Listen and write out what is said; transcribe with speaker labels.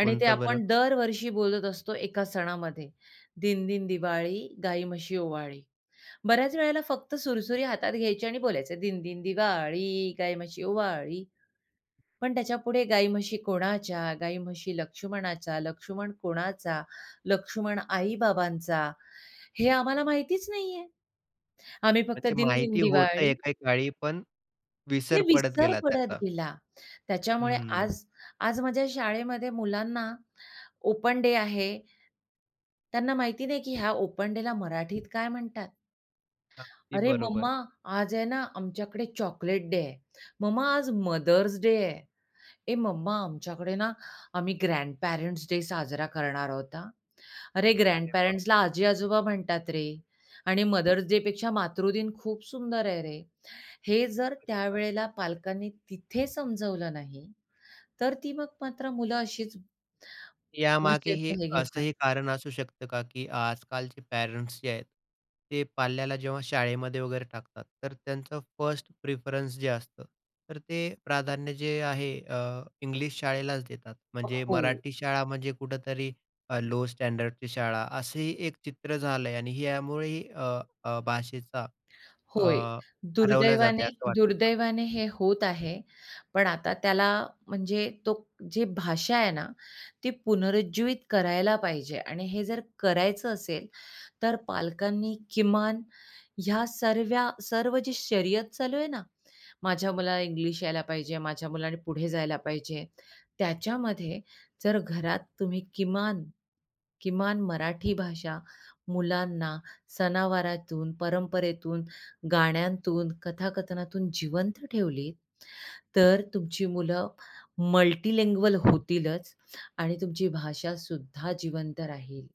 Speaker 1: आणि ते
Speaker 2: कोणतं बरं?
Speaker 1: आपण दरवर्षी बोलत असतो एका सणामध्ये, दिनदिन दिवाळी, गाई म्हशी ओवाळी. बऱ्याच वेळेला फक्त सुरसुरी हातात घ्यायची आणि बोलायचे, दिनदिन दिवाळी, गाई म्हशी ओवाळी. पण त्याच्यापुढे गाई म्हशी कोणाच्या? गाई म्हशी लक्ष्मणाच्या. लक्ष्मण कोणाचा? लक्ष्मण आई-बाबांचा. हे आम्हाला माहितीच नाहीये. आम्ही फक्त
Speaker 2: अच्छा
Speaker 1: दिनदिन
Speaker 2: माहिती होत
Speaker 1: दिवाळी
Speaker 2: एके काळी पण
Speaker 1: ते
Speaker 2: विसर पडत
Speaker 1: विसर
Speaker 2: गेला
Speaker 1: पडत
Speaker 2: त्याचा.
Speaker 1: गेला. त्याच्यामुळे
Speaker 2: हं.
Speaker 1: आज आज माझ्या शाळेमध्ये मुलांना ओपन डे आहे, त्यांना माहिती नाही, की ह्या ओपन डेला मराठीत काय म्हणतात.
Speaker 2: अगदी
Speaker 1: "अरे मम्मा,
Speaker 2: बरोबर.
Speaker 1: आज आहे ना आमच्याकडे चॉकलेट डे आहे. मम्मा, आज मदर्स डे आहे. ए मम्मा, आमच्याकडे ना आम्ही ग्रँडपेरेंट्स डे साजरा करणार आहोत हं." अरे,
Speaker 2: अरे बाप.
Speaker 1: ग्रँडपेरेंट्सला आजी-आजोबा म्हणतात रे आणि मदर्स डे पेक्षा मातृदिन खूप सुंदर आहे रे. हे जर
Speaker 2: [unintelligible]
Speaker 1: त्यावेळेला पालकांनी तिथे समजवलं नाही तर ती मग मात्र मुलं अशीच
Speaker 2: यामागे
Speaker 1: भाषेच
Speaker 2: हे
Speaker 1: हे घेतात.
Speaker 2: असंही कारण असू शकतं का, की आजकालचे पॅरंट्स जे आहेत, ते पाल्याला जेव्हा शाळेमध्ये वगैरे टाकतात, तर त्यांचं फर्स्ट प्रिफरन्स जे असतं, तर ते प्राधान्य जे आहे, अ, इंग्लिश शाळेलाच देतात.
Speaker 1: अ.
Speaker 2: म्हणजे
Speaker 1: हो.
Speaker 2: मराठी शाळा म्हणजे कुठेतरी लो स्टँडर्डची शाळा असंही एक चित्र झालं आणि यामुळेही अ, अ, भाषेचा अ,
Speaker 1: होय,
Speaker 2: हरवला जात
Speaker 1: दुर्दैवाने
Speaker 2: आहे असं वाटतं का?
Speaker 1: दुर्दैवाने हे होत आहे. पण आता त्याला म्हणजे तो जी भाषा आहे ना, ती पुनरुज्जीवित करायला पाहिजे आणि हे जर करायचं असेल तर पालकांनी किमान ह्या सर्व्या सर्व जी शर्यत चालू आहे ना, माझ्या मुलाला इंग्लिश यायला पाहिजे, माझ्या मुलाने पुढे जायला पाहिजे त्याच्यामध्ये जर घरात तुम्ही किमान, किमान मराठी भाषा मुलांना सनावारातून, परंपरेतून, गाण्यांतून, कथाकथनातून जिवंत ठेवली तर तुमची मुलं मल्टीलिंग्वल होतीलच आणि तुमची भाषासुद्धा जिवंत राहील.